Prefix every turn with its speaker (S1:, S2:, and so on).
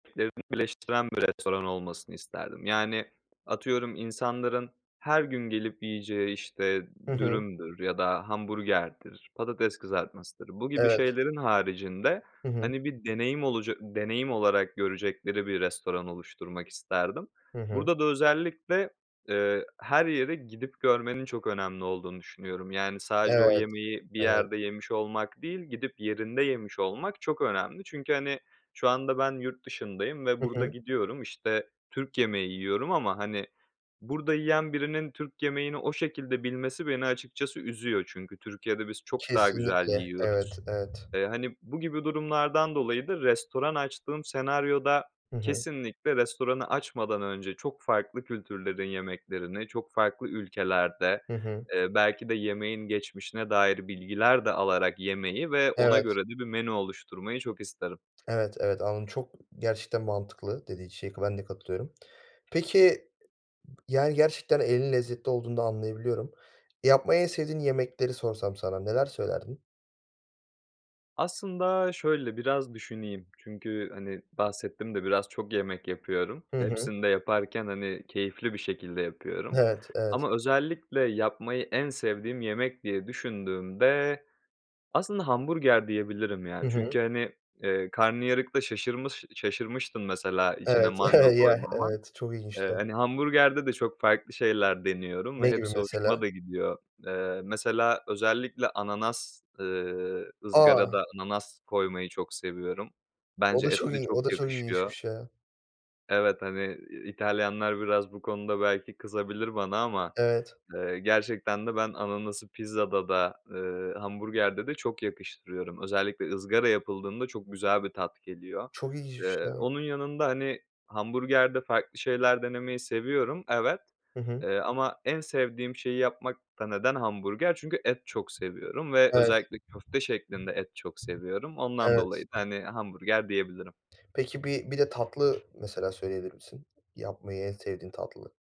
S1: Eee bi birleştiren bir restoran olmasını isterdim. Yani, atıyorum insanların her gün gelip yiyeceği işte
S2: Hı hı.
S1: dürümdür ya da hamburgerdir, patates kızartmasıdır. Bu gibi
S2: Evet.
S1: şeylerin haricinde
S2: Hı hı.
S1: hani bir deneyim olaca deneyim olarak görecekleri bir restoran oluşturmak isterdim.
S2: Hı hı.
S1: Burada da özellikle, eee, her yeri gidip görmenin çok önemli olduğunu düşünüyorum. Yani, sadece o
S2: Evet,
S1: yemeği bir
S2: evet.
S1: yerde yemiş olmak değil gidip yerinde yemiş olmak çok önemli çünkü hani, şu anda ben yurt dışındayım ve
S2: Hı
S1: burada
S2: hı.
S1: gidiyorum işte, Türk yemeği yiyorum ama hani, burada yiyen birinin Türk yemeğini o şekilde bilmesi beni açıkçası üzüyor çünkü Türkiye'de biz çok daha güzel
S2: Kesinlikle
S1: yiyoruz.
S2: evet, evet.
S1: Eee, hani, bu gibi durumlardan dolayı da restoran açtığım senaryoda
S2: Hı hı.
S1: kesinlikle restoranı açmadan önce çok farklı kültürlerin yemeklerini çok farklı ülkelerde,
S2: Hı hı.
S1: eee, belki de yemeğin geçmişine dair bilgiler de alarak yemeyi ve ona
S2: Evet.
S1: göre de bir menü oluşturmayı çok isterim.
S2: Evet, evet, anladım çok gerçekten mantıklı dediğin şey, kı ben de katılıyorum. Peki, yani, gerçekten elinin lezzetli olduğunu da anlayabiliyorum. Yapmayı en sevdiğin yemekleri sorsam sana neler söylerdin?
S1: Aslında şöyle biraz düşüneyim. Çünkü hani, bahsettim de biraz çok yemek yapıyorum.
S2: Hı hı.
S1: Hepsini de yaparken hani, keyifli bir şekilde yapıyorum.
S2: Evet, evet.
S1: Ama özellikle yapmayı en sevdiğim yemek diye düşündüğümde aslında hamburger diyebilirim yani.
S2: Hı hı.
S1: Çünkü hani, eee, karnıyarıkta şaşırmış şaşırmıştın mesela içine
S2: Evet.
S1: mango
S2: Ya
S1: koymama.
S2: evet çok
S1: Eee,
S2: ilginçti.
S1: hani hamburgerde de çok farklı şeyler deniyorum ve
S2: Ne gibi
S1: hepsi hoşuma
S2: mesela?
S1: da gidiyor. Eee, mesela özellikle ananas, ııı,
S2: A!
S1: ızgarada ananas koymayı çok seviyorum.
S2: O
S1: Bence
S2: da çok
S1: etle
S2: il
S1: çok
S2: o da çok
S1: yakışıyor.
S2: ilginçmiş ya.
S1: Evet, hani, İtalyanlar biraz bu konuda belki kızabilir bana ama,
S2: Evet.
S1: eee, gerçekten de ben ananası pizzada da, ııı, hamburgerde de çok yakıştırıyorum. Özellikle ızgara yapıldığında çok güzel bir tat geliyor.
S2: Çok ilginçmiş
S1: Eee,
S2: ya.
S1: onun yanında hani hamburgerde farklı şeyler denemeyi seviyorum evet,
S2: Hı hı.
S1: eee, ama en sevdiğim şeyi yapmak da neden hamburger çünkü et çok seviyorum ve
S2: Evet.
S1: özellikle köfte şeklinde et çok seviyorum. Ondan dolayı
S2: Evet.
S1: da hani, hamburger diyebilirim.
S2: Peki bir bir de tatlı mesela söyleyebilir misin? Yapmayı en sevdiğin tatlı.